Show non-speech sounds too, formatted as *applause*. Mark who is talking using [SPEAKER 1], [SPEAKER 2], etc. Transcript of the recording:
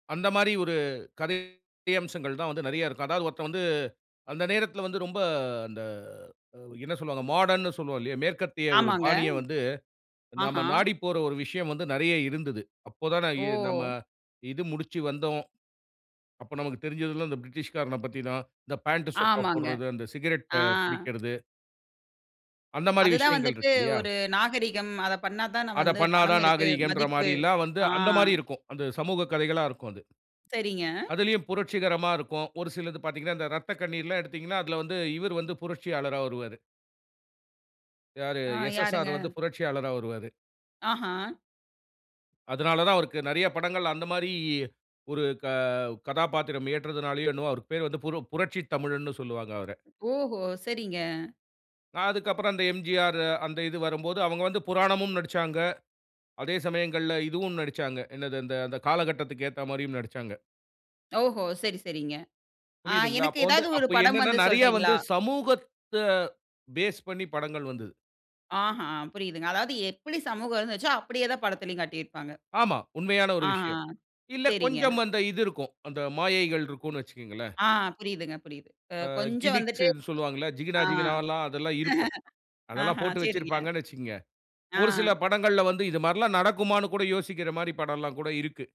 [SPEAKER 1] அந்த மாரி ஒரு கதை அம்சங்கள் தான் வந்து நெறைய இருக்கும். அதாவது ஒருத்தன் வந்து, அந்த நேரத்துல வந்து ரொம்ப அந்த அ அ என்ன சொல்வாங்க? மாடர்ன்னு சொல்லுவோம் இல்லையா? மேற்கத்திய ஒரு
[SPEAKER 2] ஆமாங்க.
[SPEAKER 1] பாணிய வந்து,
[SPEAKER 2] ஆஹா,
[SPEAKER 1] நாம நாடி போற ஒரு விஷயம் வந்து நெறைய இருந்தது. அப்போ தானே இ நம்ம
[SPEAKER 2] ஓ!
[SPEAKER 1] இது முடிச்சு வந்தோம். அப்ப நமக்கு தெரிஞ்சதெல்லாம் இந்த பிரிட்டிஷ் காரன பத்தி தான். இந்த பேண்ட்டு, சொக்கா
[SPEAKER 2] ஆமாங்க,
[SPEAKER 1] போடுறது, அந்த சிகரெட்
[SPEAKER 2] ஆ.
[SPEAKER 1] அ பிடிக்கிறது. அந்த மாரி
[SPEAKER 2] அதுதான்
[SPEAKER 1] விஷயங்கள்
[SPEAKER 2] வந்துட்டு
[SPEAKER 1] இருக்கு இல்லையா?
[SPEAKER 2] ஒரு நாகரிகம். அத பண்ணா தான
[SPEAKER 1] அத
[SPEAKER 2] வந்து
[SPEAKER 1] பண்ணா
[SPEAKER 2] பணம்
[SPEAKER 1] தான்
[SPEAKER 2] இருக்கு,
[SPEAKER 1] நாகரீகன்ற
[SPEAKER 2] மதிப்பு.
[SPEAKER 1] மாரில்லாம் வந்து
[SPEAKER 2] ஆ.
[SPEAKER 1] அந்த மாரி இருக்கும். அந்த சமூகக் கதைகளா இருக்கும் அது.
[SPEAKER 2] சரிங்க.
[SPEAKER 1] அதிலயும் புரட்சிகரமா இருக்கும். ஒரு சிலது பாத்தீங்கன்னா, இந்த "இரத்தக்கண்ணீர்"லாம் எடுத்தீங்கன்னா, அதுல வந்து இவுரு வந்து புரட்சியாளரா வருவாரு. யாரு
[SPEAKER 2] ஆ
[SPEAKER 1] "எஸ்.எஸ்.ஆர்
[SPEAKER 2] யாருங்க?
[SPEAKER 1] வந்து புரட்சியாளரா வருவாரு."
[SPEAKER 2] ஆஹா,
[SPEAKER 1] அதனால தான் அவருக்கு நெறையா படங்கள் அந்த மாரி, ஒரு க கதாபாத்திரம் ஏற்றதனாலயோ, என்னவோ அவருக்கு பேரு வந்து பு புரட்சி தமிழன்னு சொல்லுவாங்க அவர.
[SPEAKER 2] ஓஹோ! சரிங்க.
[SPEAKER 1] அ அதுக்கு அப்பறம் அந்த எம்.ஜி.ஆரு அந்த இது வரும்போது, அவுங்க வந்து புராணமும் நடிச்சாங்க. அதே சமயங்கள்ல இதுவும் நடிச்சாங்க. என்னது அந்த அந்த காலகட்டத்துக்கு ஏத்தா மாரியும் நடிச்சாங்க.
[SPEAKER 2] ஓஹோ! சரி சரிங்க. அ
[SPEAKER 1] புரியுதுங்களா?
[SPEAKER 2] எனக்கு
[SPEAKER 1] அப்ப வந்து
[SPEAKER 2] ஏதாவது ஒரு
[SPEAKER 1] அப்ப
[SPEAKER 2] படம்
[SPEAKER 1] என்னான்னா
[SPEAKER 2] வந்து
[SPEAKER 1] நெறையா வந்து
[SPEAKER 2] சொல்றீங்களா?
[SPEAKER 1] சமூகத்த பேஸ் பண்ணி படங்கள் வந்துது.
[SPEAKER 2] ஆ, ஹ புரியுதுங்க. அதாவது எப்படி சமூகம் இருந்துச்சோ, அப்டியே தான் படத்திலயும் காட்டியிருப்பாங்க.
[SPEAKER 1] ஆமா உண்மையான ஒரு
[SPEAKER 2] ஆஹா,
[SPEAKER 1] விஷயம். இல்ல
[SPEAKER 2] சரிங்க.
[SPEAKER 1] கொஞ்சம் அந்த இது இருக்கும். அந்த மாயைகள் இருக்குன்னு வச்சிக்கோங்களேன்.
[SPEAKER 2] ஆ புரியுதுங்க புரியுது. அ
[SPEAKER 1] ஆ
[SPEAKER 2] கொஞ்சம் வந்துட்டு
[SPEAKER 1] கிமிக்ஸ்ன்னு சொல்லுவாங்கள்ல,
[SPEAKER 2] ஆ,
[SPEAKER 1] ஜிகினா
[SPEAKER 2] *laughs*
[SPEAKER 1] ஜிகினாவல்லாம் அதெல்லாம் இருக்கும்.
[SPEAKER 2] ஆஹ
[SPEAKER 1] அதெல்லாம் போட்டு
[SPEAKER 2] சரிங்க.
[SPEAKER 1] வெச்சிருப்பாங்கண்ணு வச்சிக்கோங்க. ஒரு சில
[SPEAKER 2] ஆ.
[SPEAKER 1] படங்கள்ல வந்து இது மாரில்லாம் நடக்குமான்னு கூட யோசிக்கிற மாரி படம்ல்லாம் கூட இருக்கு.